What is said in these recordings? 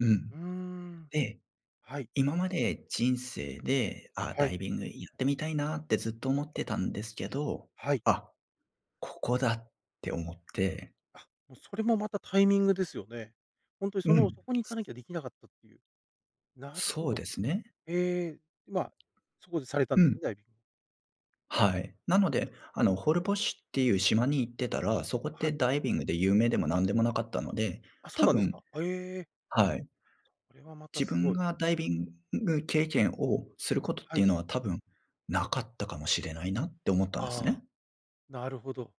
うん。うーん。で、はい。今まで人生で、ああはダい。イビングやってみたいなってずっと思ってたんですけど、はい。あ、ここだって思って。あ、も、それもまたタイミングですよね。ほんとにそうのん。そこに行すかなきゃできなかったっていう。なるほそうど。ですね。ええ、ま、そこでされたんうですね、ん。ダイビンはい。なので、あのホルボッシュっていう島に行ってたら、そこっはてい。ダイビングで有名でも何でもなかったので、あ、そう多なんです分か。へえ。はい。それはまた自す分ごい。がダイビング経験をすることっはていうい。のは多分なかったかもしれないなって思ったんですああ、ね。なるほど。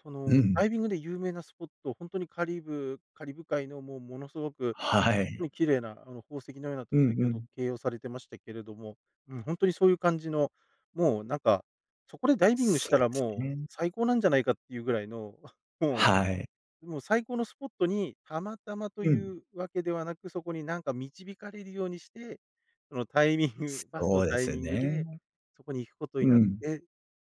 そうのん。ダイビングで有名なスポット、ほんとにカリブカリブ海のもうものすごくはほんとい。に綺麗なあの宝石のようなところうをん先うほどん。形容されてましたけれども、うん、ほんとにそういう感じの、もうなんかそこでダイビングしそたうでらすもうね。最高なんじゃないかっていうぐらいの もはい。うもう最高のスポットにたまたまとういん。うわけではなく、そこになんか導かれるようにして、そのタイミングバスのそうでタイすミングね。でそこに行くことにうなっん。て、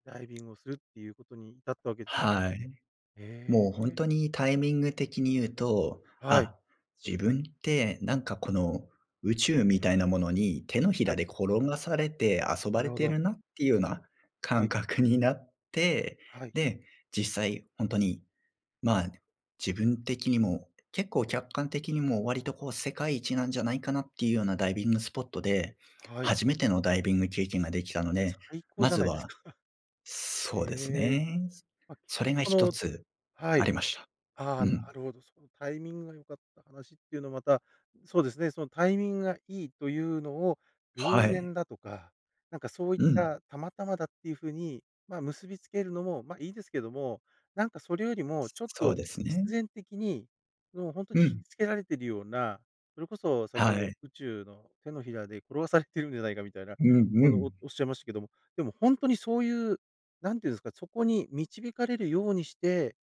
ダイビングをするっていうことに至ったわけですね。はい。へもうほんえ。とにタイミング的に言うと、はい。あ、自分ってなんかこの宇宙みたいなものに、手のひはらい。で転がされて遊なばるれほてど。るなっていうようなは感い。覚になって、はい。で、実際ほんとに、ま、自分的にも結構客観的にも、割とこう世界一なんじゃないかなっていうようなダイビングスポットで、はい。初めてのダイビング経験ができたので、最高まじゃずないですはか。へそうですえ。ね。ま、結それ局がそ一のつはあい。りました。ああ、うなん。るほど。そのタイミングが良かった話っていうのはまたそうですね。そのタイミングがいいというのを偶は然い。だとか、なんかそういっうん。たたまたまだっていう風に、ま、結びつけるのも、ま、いいですけども、なんかそれよりもちょっそうとです必ね。然的にもうほんとにう惹ん。きつけられてるような、それこそ先ほはどい。宇宙の手のひらで転がされているんじゃないかみたいな、うんこうの、おん。おっしゃいましたけども、でもほんとにそういう、なんていうんですか、そこに導かれるようにして、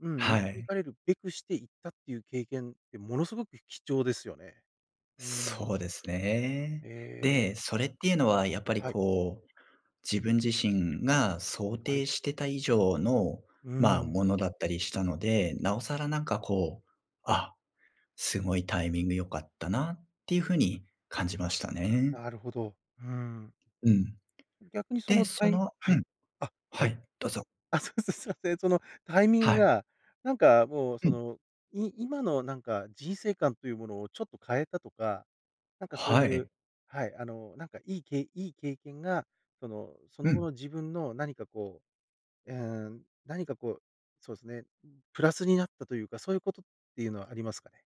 うん、は導い。かれるべくしていったっていう経験ってものすごく貴重ですよね。うーそん。うですね。ええ。で、それっていうのはやっぱりはい。こう自分自身が想はい。定してた以上の、うーま、ん。ものだったりしたので、なおさらなんかこう、あ、すごいタイミング良かったなっていう風に感じましたね。なるほど。ふん。うん。逆にそで、のそたいのはうい、ん、あ、ははい。い、どうぞ。あ、そうです。すみません。そのタイミングはい。がなんかもううそん。の、い今のなんか人生観というものをちょっと変えたとか、なんかそうはいう、い。はい。あの、なんかいいけいいい経験がその、そうの後ん。の自分の何かこう、えうん、何かこう、そうですね、プラスになったと言うか、そういうことっていうのはありますかね？